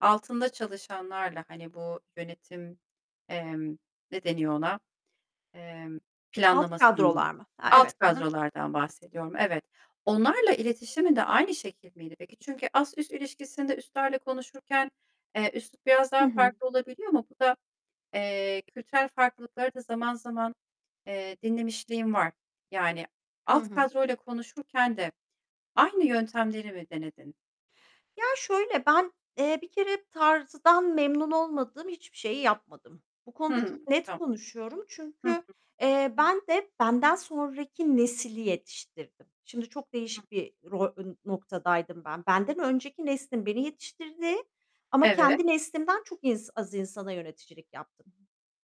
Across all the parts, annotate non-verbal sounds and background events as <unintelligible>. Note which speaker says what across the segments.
Speaker 1: Altında çalışanlarla hani bu yönetim, emm, ne deniyor ona, eee,
Speaker 2: Alt
Speaker 1: planlamasında,
Speaker 2: kadrolar mı? Ha,
Speaker 1: alt
Speaker 2: evet. Hı hı.
Speaker 1: kadrolardan bahsediyorum evet. Onlarla iletişimin de aynı şekil miydi peki? Çünkü ast üst ilişkisinde üstlerle konuşurken, eee, üslup biraz
Speaker 2: Hı
Speaker 1: daha
Speaker 2: hı.
Speaker 1: farklı olabiliyor ama bu da, eee, kültürel farklılıkları da zaman zaman, eee, dinlemişliğim var. Yani
Speaker 2: Hı
Speaker 1: alt
Speaker 2: hı.
Speaker 1: kadroyla konuşurken de aynı yöntemleri mi denedin?
Speaker 2: Ya, şöyle, ben, eee, bir kere tarzdan memnun olmadığım hiçbir şeyi yapmadım. Bu konuda
Speaker 1: Hı.
Speaker 2: çok net
Speaker 1: <unintelligible>
Speaker 2: konuşuyorum
Speaker 1: Hı hı.
Speaker 2: çünkü, eee, ben de benden sonraki nesli yetiştirdim. Şimdi çok
Speaker 1: Hı.
Speaker 2: değişik bir rol, eee, noktadaydım ben. Benden önceki neslin beni yetiştirdiği ama
Speaker 1: Evet.
Speaker 2: kendi neslimden çok in az insana yöneticilik yaptım.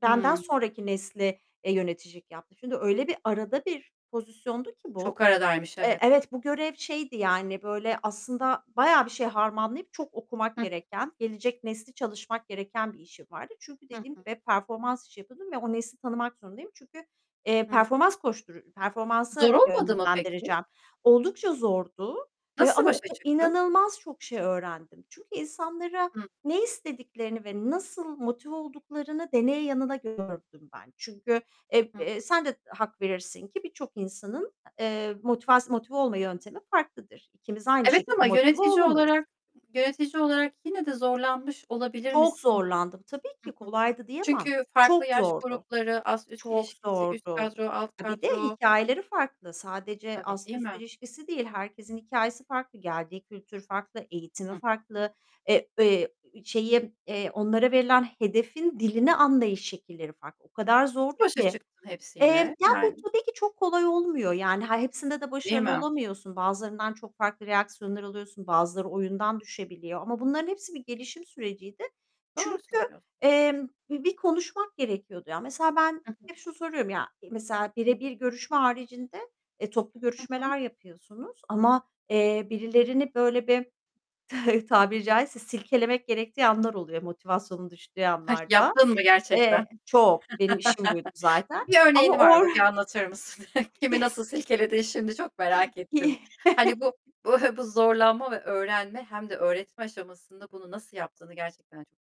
Speaker 2: Benden
Speaker 1: Hımm.
Speaker 2: sonraki nesle, eee, yöneticilik yaptım. Şimdi öyle bir arada bir pozisyondu ki bu,
Speaker 1: Çok aradaymış
Speaker 2: eee,
Speaker 1: evet.
Speaker 2: evet, bu görev şeydi yani böyle aslında bayağı bir şey harmanlayıp çok okumak
Speaker 1: Hı hı.
Speaker 2: gereken, gelecek nesli çalışmak gereken bir işim vardı. Çünkü
Speaker 1: Hı
Speaker 2: dediğim
Speaker 1: hı.
Speaker 2: gibi performans işi yapıyordum ve o nesli tanımak zorundayım. Çünkü, eee,
Speaker 1: Hı hı.
Speaker 2: performans koştur Performansa
Speaker 1: Zor olmadı mı peki?
Speaker 2: yönlendireceğim. Oldukça zordu, eee,
Speaker 1: Nasıl
Speaker 2: ama o
Speaker 1: başa
Speaker 2: kad
Speaker 1: çıktın?
Speaker 2: inanılmaz çok şey öğrendim. Çünkü insanlara
Speaker 1: Hı.
Speaker 2: ne istediklerini ve nasıl motive olduklarını deneye yanıla gördüm ben. Çünkü eb
Speaker 1: Hı.
Speaker 2: eee, sen de hak verirsin ki, birçok insanın, eee, motivas motive olma yöntemi farklıdır. İkimiz aynı
Speaker 1: Evet ama
Speaker 2: şekilde motive
Speaker 1: yönetici
Speaker 2: olamayız.
Speaker 1: olarak yönetici olarak yine de zorlanmış olabilir
Speaker 2: Çok
Speaker 1: misin? Hı hı.
Speaker 2: zorlandım. Tabii ki kolaydı diyemem.
Speaker 1: Çünkü
Speaker 2: Çok
Speaker 1: farklı yaş
Speaker 2: zordu.
Speaker 1: grupları, ast üst
Speaker 2: Çok
Speaker 1: ilişkisi, üst
Speaker 2: zordu.
Speaker 1: kadro, alt
Speaker 2: Bir de
Speaker 1: kadro...
Speaker 2: hikâyeleri farklı. Sadece
Speaker 1: Tabii,
Speaker 2: ast
Speaker 1: değil
Speaker 2: üst
Speaker 1: mi?
Speaker 2: ilişkisi değil. Herkesin hikâyesi farklı. Geldiği kültür farklı. Eğitimi
Speaker 1: Hı hı.
Speaker 2: farklı. Eee, eee, şeyi, eee, onlara verilen hedefin dilini anlayış şekilleri farklı. O kadar
Speaker 1: Nasıl
Speaker 2: zordu
Speaker 1: başa
Speaker 2: ki.
Speaker 1: çıktın
Speaker 2: Eee,
Speaker 1: hepsiyle?
Speaker 2: ya, bu
Speaker 1: Yani
Speaker 2: tabii ki çok kolay olmuyor yani. Yani, eee, hepsinde de
Speaker 1: Değil
Speaker 2: başarılı
Speaker 1: mi?
Speaker 2: olamıyorsun. Bazılarından çok farklı reaksiyonlar alıyorsun. Bazıları oyundan düşebiliyor ama bunların hepsi bir gelişim süreciydi.
Speaker 1: Doğru
Speaker 2: Çünkü,
Speaker 1: söylüyorsun.
Speaker 2: emm, bir bir konuşmak gerekiyordu ya. Mesela ben
Speaker 1: Hı hı.
Speaker 2: hep şunu soruyorum ya. Mesela birebir görüşme haricinde, eee, toplu
Speaker 1: Hı hı.
Speaker 2: görüşmeler yapıyorsunuz ama, eee, birilerini böyle bir <chuckles> tabiri caizse silkelemek gerektiği anlar oluyor, motivasyonu düştüğü
Speaker 1: Heh,
Speaker 2: anlar da.
Speaker 1: yaptın mı gerçekten?
Speaker 2: Eee, çok, benim işim buydu zaten
Speaker 1: <chuckles> Bir örneğin
Speaker 2: ama
Speaker 1: var
Speaker 2: or
Speaker 1: mı? Bir
Speaker 2: <chuckles>
Speaker 1: anlatır mısın? <chuckles> Kimi nasıl
Speaker 2: <chuckles>
Speaker 1: silkeledin şimdi çok merak ettim. Hani bu
Speaker 2: <chuckles>
Speaker 1: bu bu zorlanma ve öğrenme hem de öğretme aşamasında bunu nasıl yaptığını gerçekten çok